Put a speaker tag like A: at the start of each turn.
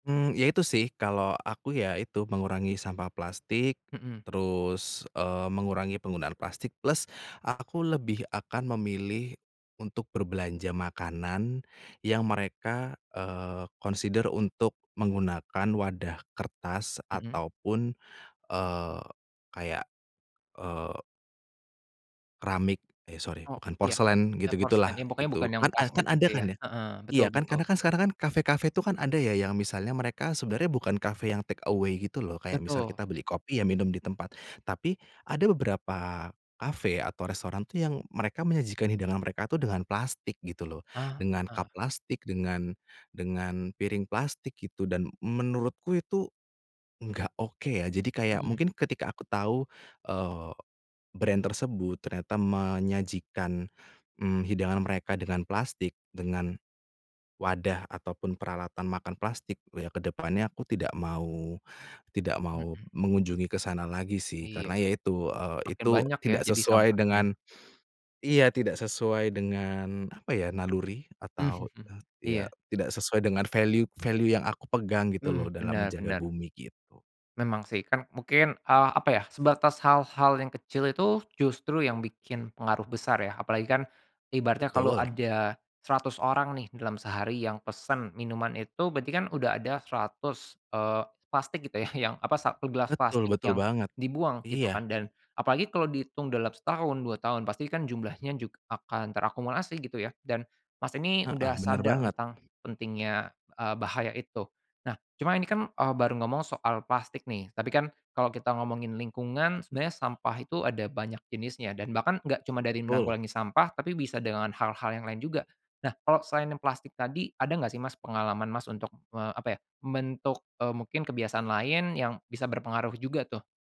A: Mmm, ya itu sih kalau aku ya itu mengurangi sampah plastik,
B: Mhm.
A: terus, eee, mengurangi penggunaan plastik plus aku lebih akan memilih untuk berbelanja makanan yang mereka, eee, consider untuk menggunakan wadah kertas
B: Mhm.
A: ataupun, eee, kayak, eee keramik eh sorry
B: Oh
A: bukan,
B: ya,
A: porselen
B: eee,
A: gitu-gitu
B: porselen, ya
A: lah
B: pokoknya
A: itu
B: bukan yang
A: kan a kan
B: plastik
A: ada
B: gitu
A: kan
B: ya,
A: ya.
B: heeh,
A: Iya
B: betul
A: kan
B: betul.
A: karena kan sekarang kan kafe-kafe itu kan ada ya yang misalnya mereka sebenarnya bukan kafe yang take away gitu loh, kayak misal
B: Betul.
A: kita beli kopi ya minum di tempat. Tapi ada beberapa kafe atau restoran tuh yang mereka menyajikan hidangan mereka tuh dengan plastik gitu loh,
B: Ah,
A: dengan cup
B: heeh.
A: plastik, dengan dengan piring plastik gitu, dan menurutku itu enggak oke ya. Jadi kayak
B: Mhm.
A: mungkin ketika aku tahu, eee, brand tersebut ternyata menyajikan, mmm, hidangan mereka dengan plastik, dengan wadah ataupun peralatan makan plastik loh ya ke depannya aku tidak mau tidak mau
B: Mhm.
A: mengunjungi ke sana lagi sih,
B: Iya.
A: karena ya itu
B: Makin
A: itu
B: banyak ya
A: tidak
B: jadi
A: sesuai
B: sampahnya.
A: dengan iya tidak sesuai dengan apa ya, naluri atau eee, ya,
B: Iya.
A: tidak sesuai dengan value-value yang aku pegang gitu
B: Hmm,
A: loh dalam
B: bener
A: menjaga
B: bener.
A: bumi gitu.
B: Memang sih, kan mungkin, eee, apa ya, sebatas hal-hal yang kecil itu justru yang bikin pengaruh besar ya, apalagi kan ibaratnya kalau
A: Betul.
B: ada 100 orang nih dalam sehari yang pesen minuman itu, berarti kan udah ada 100, eee, plastik gitu ya yang apa, 1 gelas
A: Betul
B: plastik
A: betul
B: yang
A: banget,
B: dibuang gitu
A: iya.
B: kan, dan apalagi kalau dihitung dalam setahun, 2 tahun, pasti kan jumlahnya jug akan terakumulasi gitu ya, dan, Mas, ini
A: Heeh,
B: udah
A: benar
B: sadar
A: banget.
B: tentang pentingnya, eee, bahaya itu. Nah, cuma ini kan, eee, baru ngomong soal plastik nih, tapi kan kalau kita ngomongin lingkungan, sebenarnya sampah itu ada banyak jenisnya dan bahkan enggak cuma dari
A: Betul.
B: menanggulangi sampah tapi bisa dengan hal-hal yang lain juga. Nah, kalau selain plastik tadi, ada enggak sih, Mas, pengalaman, Mas, untuk eee, apa ya, membentuk, eee, mungkin kebiasaan lain yang bisa berpengaruh juga tuh?